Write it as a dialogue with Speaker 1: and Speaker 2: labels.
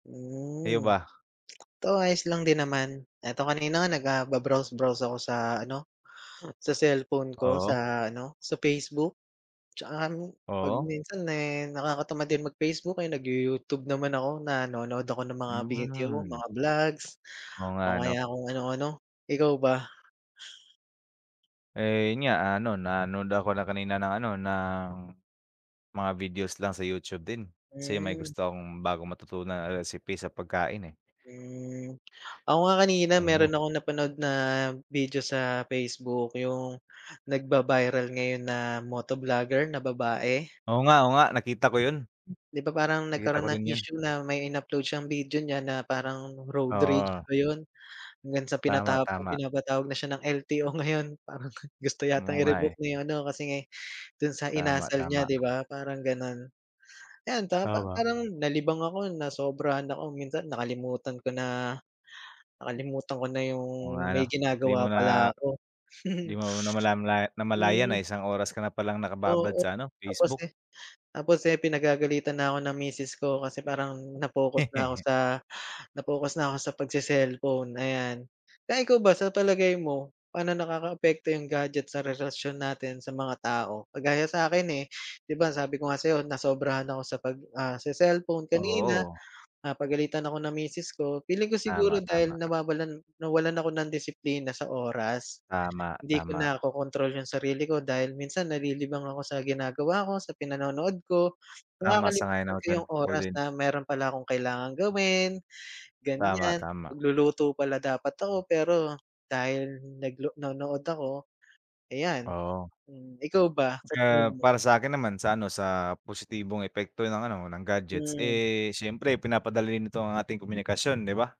Speaker 1: Kayo
Speaker 2: Hmm,
Speaker 1: ba?
Speaker 2: eto ayos lang din naman. Eto kanina nga nag, ah, ba-browse-browse ako sa ano, sa cellphone ko,
Speaker 1: Oo.
Speaker 2: sa ano, sa Facebook. 'Tsaka alam mo, 'pag
Speaker 1: Oo.
Speaker 2: minsan, eh, nakakatamad din mag-Facebook, eh, nagyu Youtube naman ako, nanonood ako ng mga video,
Speaker 1: Hmm.
Speaker 2: mga vlogs
Speaker 1: Oo nga
Speaker 2: o
Speaker 1: 'no.
Speaker 2: kaya kung ano-ano. Ikaw ba?
Speaker 1: Eh, yun nga. Ah, ano, nanood ako na kanina ng ano, ng mga videos lang sa Youtube din. Kasi may
Speaker 2: Hmm.
Speaker 1: gusto akong bagong matutunan na recipe sa pagkain, eh.
Speaker 2: Hmm. Ako nga kanina
Speaker 1: Oo.
Speaker 2: meron akong napanood na video sa Facebook, yung nagba-viral ngayon na moto vlogger na babae.
Speaker 1: Oo nga, o nga, nakita ko yun.
Speaker 2: Di ba parang
Speaker 1: Nakita ko
Speaker 2: nagkaro'n ng
Speaker 1: din yun.
Speaker 2: issue na may in-upload siyang video niya na parang road rage
Speaker 1: Oo.
Speaker 2: ba yun? Hanggang sa
Speaker 1: Tama,
Speaker 2: pinata
Speaker 1: tama.
Speaker 2: pinapatawag na siya ng LTO ngayon. Parang gusto
Speaker 1: Hmm,
Speaker 2: yatang
Speaker 1: o nga, eh.
Speaker 2: i-revoke na yung ano, kasi nga dun sa
Speaker 1: Tama,
Speaker 2: inasal niya
Speaker 1: tama.
Speaker 2: 'di ba, parang gano'n. Ayan ta pa
Speaker 1: Tama.
Speaker 2: parang nalibang ako, nasobrahan ako. Minsan nakalimutan ko na nakalimutan ko na yung
Speaker 1: Oo nga 'no.
Speaker 2: may
Speaker 1: Hindi mo
Speaker 2: ginagawa pala
Speaker 1: na,
Speaker 2: ako.
Speaker 1: di mo na namala namalayan na
Speaker 2: Hmm.
Speaker 1: isang oras ka na palang nakababad
Speaker 2: Oo,
Speaker 1: sa ano,
Speaker 2: tapos,
Speaker 1: Facebook.
Speaker 2: eh, tapos, eh, pinagagalitan na ako ng misis ko kasi parang na-focus na ako sa na-focus na ako sa pagse-cellphone, ayan. Kaya ikaw ba, sa palagay mo, paano nakakaapekto yung gadget sa relasyon natin sa mga tao? Kagaya sa akin, eh, 'di ba sabi ko nga sa'yo, nasobrahan ako sa pag, ah, se-cellphone kanina,
Speaker 1: Oo.
Speaker 2: pinapagalitan ako ng misis ko. Feeling ko siguro
Speaker 1: Tama, tama.
Speaker 2: dahil nawawalan, nawalan ako ng disiplina sa oras.
Speaker 1: Tama,
Speaker 2: Hindi ko
Speaker 1: tama.
Speaker 2: nakokontrol yung sarili ko dahil minsan nalilibang ako sa ginagawa ko, sa pinanonood ko.
Speaker 1: Tama, sang-ayon
Speaker 2: Nakakalimutan
Speaker 1: ako
Speaker 2: ko
Speaker 1: diyan,
Speaker 2: yung
Speaker 1: ako
Speaker 2: oras
Speaker 1: din.
Speaker 2: na meron pala akong kailangan gawin,
Speaker 1: Tama,
Speaker 2: ganyan.
Speaker 1: tama.
Speaker 2: Magluluto pala dapat ako pero dahil naglo nanood ako, ayan,
Speaker 1: Oo.
Speaker 2: hmm. ikaw ba, sa
Speaker 1: Ah,
Speaker 2: tingin mo?
Speaker 1: para sa'kin naman, sa ano, sa positibong epekto ng ano, ng gadgets.
Speaker 2: Hmm.
Speaker 1: Eh, siyempre pinapadali nito ang ating komunikasyon, 'di ba?